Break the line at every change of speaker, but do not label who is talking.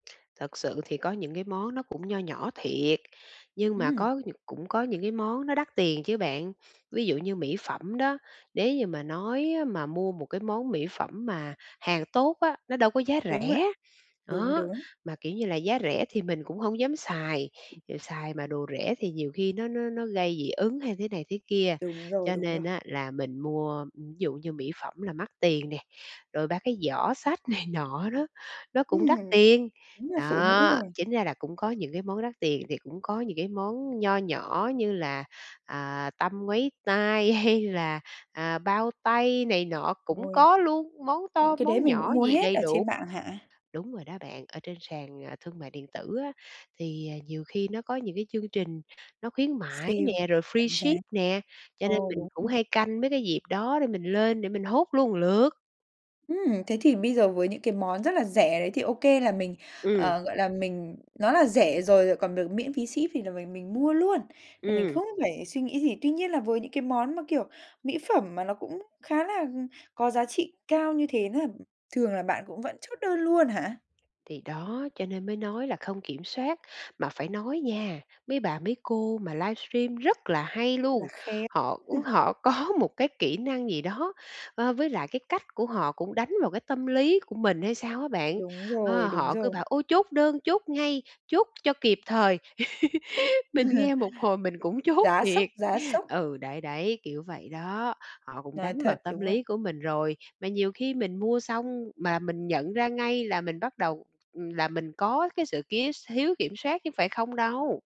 Thật sự thì có những cái món nó cũng nho nhỏ thiệt, nhưng mà
Ừm.
có nh cũng có những cái món nó đắt tiền chứ bạn. Ví dụ như mỹ phẩm đó, nếu như mà nói á mà mua một cái món mỹ phẩm mà hàng tốt á, nó đâu có giá
Đúng vậy.
rẻ.
Đúng,
Đó,
đúng.
mà, kiểu như là, giá rẻ thì mình cũng hông dám xài, xài mà đồ rẻ thì nhiều khi nó nó nó gây dị ứng hay thế này thế kia,
Đúng rồi,
cho
đúng rồi.
nên á là mình mua ví dụ như mỹ phẩm là mắc tiền nè, rồi ba cái giỏ xách này nọ đó, nó cũng
Ừm,
đắt tiền,
đúng là phụ nữ
đó.
rồi!
Chính ra là cũng có những cái món đắt tiền thì cũng có những cái món nho nhỏ như là, à, tăm ngoáy tai hay là, à, bao tay này nọ cũng
Rồi.
có luôn, món to
Những cái đấy
món
mình cũng
nhỏ
mua
gì
hết
đầy
ở
đủ.
trên mạng hả?
Đúng rồi đó bạn, ở trên sàn, à, thương mại điện tử á, thì nhiều khi nó có nhiều cái chương trình nó khuyến mãi
Sale,
nè, rồi
giảm giá.
freeship nè, cho nên
Ồ,
mình
đúng
cũng
rồi.
hay canh mấy cái dịp đó để mình lên để mình hốt luôn một lượt.
Ừm, thế thì bây giờ với những cái món rất là rẻ đấy thì OK là mình,
Ừm.
ờ, gọi là, mình nó là rẻ rồi lại còn được miễn phí ship thì là mình mình mua luôn, là mình
Ừm.
không phải suy nghĩ gì. Tuy nhiên là với những cái món mà kiểu mỹ phẩm mà nó cũng khá là, ừm, có giá trị cao như thế nữa, thường là bạn cũng vẫn chốt đơn luôn hả?
Thì đó, cho nên mới nói là không kiểm soát, mà phải nói nha, mấy bà mấy cô mà livestream rất là hay
Là
luôn,
khéo
họ, ừm,
ha?
họ có một cái kỹ năng gì đó, a, với lại cái cách của họ cũng đánh vào cái tâm lý của mình hay sao á bạn.
Đúng rồi,
Ơ,
đúng
họ cứ
rồi.
bảo: "Ôi, chốt đơn, chốt ngay, chốt cho kịp thời!" Mình nghe một hồi mình cũng chốt
Giá sốc,
thiệt.
giá sốc.
Ừ, đấy, đấy, kiểu vậy đó, họ cũng
Nói
đánh vào
thật,
tâm
đúng rồi.
lý của mình rồi. Mà nhiều khi mình mua xong mà mình nhận ra ngay là mình bắt đầu, ừm, là mình có cái sự kiếu s thiếu kiểm soát chứ phải không đâu.